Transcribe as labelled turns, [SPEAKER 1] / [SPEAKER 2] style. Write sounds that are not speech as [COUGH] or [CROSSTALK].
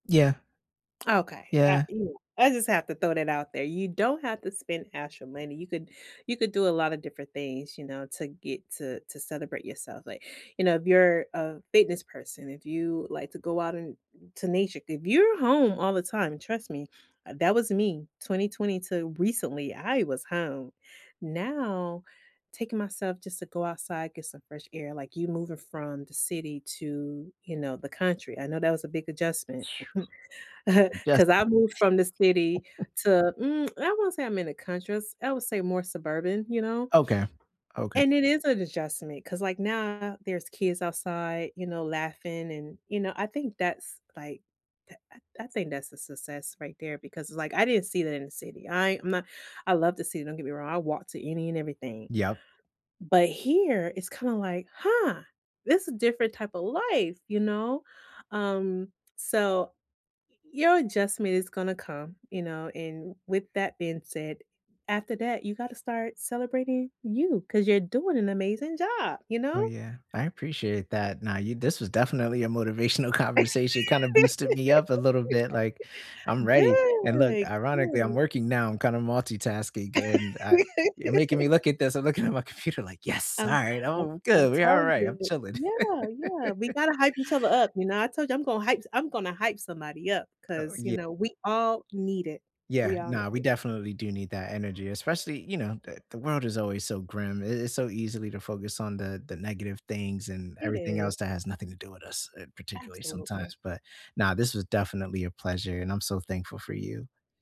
[SPEAKER 1] Yeah.
[SPEAKER 2] Okay. Ah,
[SPEAKER 1] Yeah.
[SPEAKER 2] you know, I just have to throw that out there: You don't have to spend extra money. You could you could do a lotta different things, you know, to get to to celebrate yourself. Like, you know, if you're a fitness person, if you like to go out and n to nature if you're home all the time, trust me, uh, that was me 2020 to recently, I was home. Now, taking myself just to go outside, get some fresh air, like, you moving from the city to, you know, the country, I know that was a big adjustment [CHUCKLES] [LAUGHS] 'cause
[SPEAKER 1] Adjustment?
[SPEAKER 2] I moved from the city
[SPEAKER 1] [CHUCKLES]
[SPEAKER 2] to mm, [TSK] I won't say I'm in a country, just I would say more suburban, you know,
[SPEAKER 1] Okay, okay.
[SPEAKER 2] and it is an adjustment. 'Cause, like, now there's kids outside, you know, laughing and, you know, I think that's, like, uh uh I think that's a success right there because it's, like, I didn't see that in the city. I am a I love the city, don't get me wrong. I walked to any and everything,
[SPEAKER 1] Yeah.
[SPEAKER 2] but here it's kinda, like, "Huh, this is different type of life, you know." Um, so, your adjustment is gonna come, you know, and with that being said, after that, you gotta start celebrating you 'cause you're doing an amazing job, you
[SPEAKER 1] Oh,
[SPEAKER 2] know?
[SPEAKER 1] yeah, I appreciate that. Now you this was definitely a motivational conversation, kind of boosted me up a little bit, like,
[SPEAKER 2] [LAUGHS]
[SPEAKER 1] "I'm ready." And look,
[SPEAKER 2] Good,
[SPEAKER 1] ironically, I'm
[SPEAKER 2] good.
[SPEAKER 1] working now. I'm kinda multitasking and, uh, you're making me
[SPEAKER 2] [LAUGHS]
[SPEAKER 1] look at this. I'm looking at my computer like, "Yes! All
[SPEAKER 2] I'm
[SPEAKER 1] right.
[SPEAKER 2] like,
[SPEAKER 1] Oh,
[SPEAKER 2] I'm
[SPEAKER 1] good, we're all
[SPEAKER 2] telling
[SPEAKER 1] right. I'm
[SPEAKER 2] you
[SPEAKER 1] chilling."
[SPEAKER 2] yeah, yeah. We
[SPEAKER 1] [LAUGHS]
[SPEAKER 2] gotta hype each other up, you know, I told you I'm gonna hype s I'm gonna hype somebody up
[SPEAKER 1] Oh,
[SPEAKER 2] 'cause, you
[SPEAKER 1] yeah.
[SPEAKER 2] know, we all need it.
[SPEAKER 1] Yeah.
[SPEAKER 2] We all need
[SPEAKER 1] Now, we
[SPEAKER 2] it.
[SPEAKER 1] definitely do need that energy, especially, you know, the the world is always so grim. I it's so easily to focus on the the negative things and
[SPEAKER 2] It
[SPEAKER 1] everything else
[SPEAKER 2] is.
[SPEAKER 1] that has nothing to do with us, uh, particularly
[SPEAKER 2] Absolutely.
[SPEAKER 1] sometimes, but now this was definitely a pleasure, and I'm so thankful for you.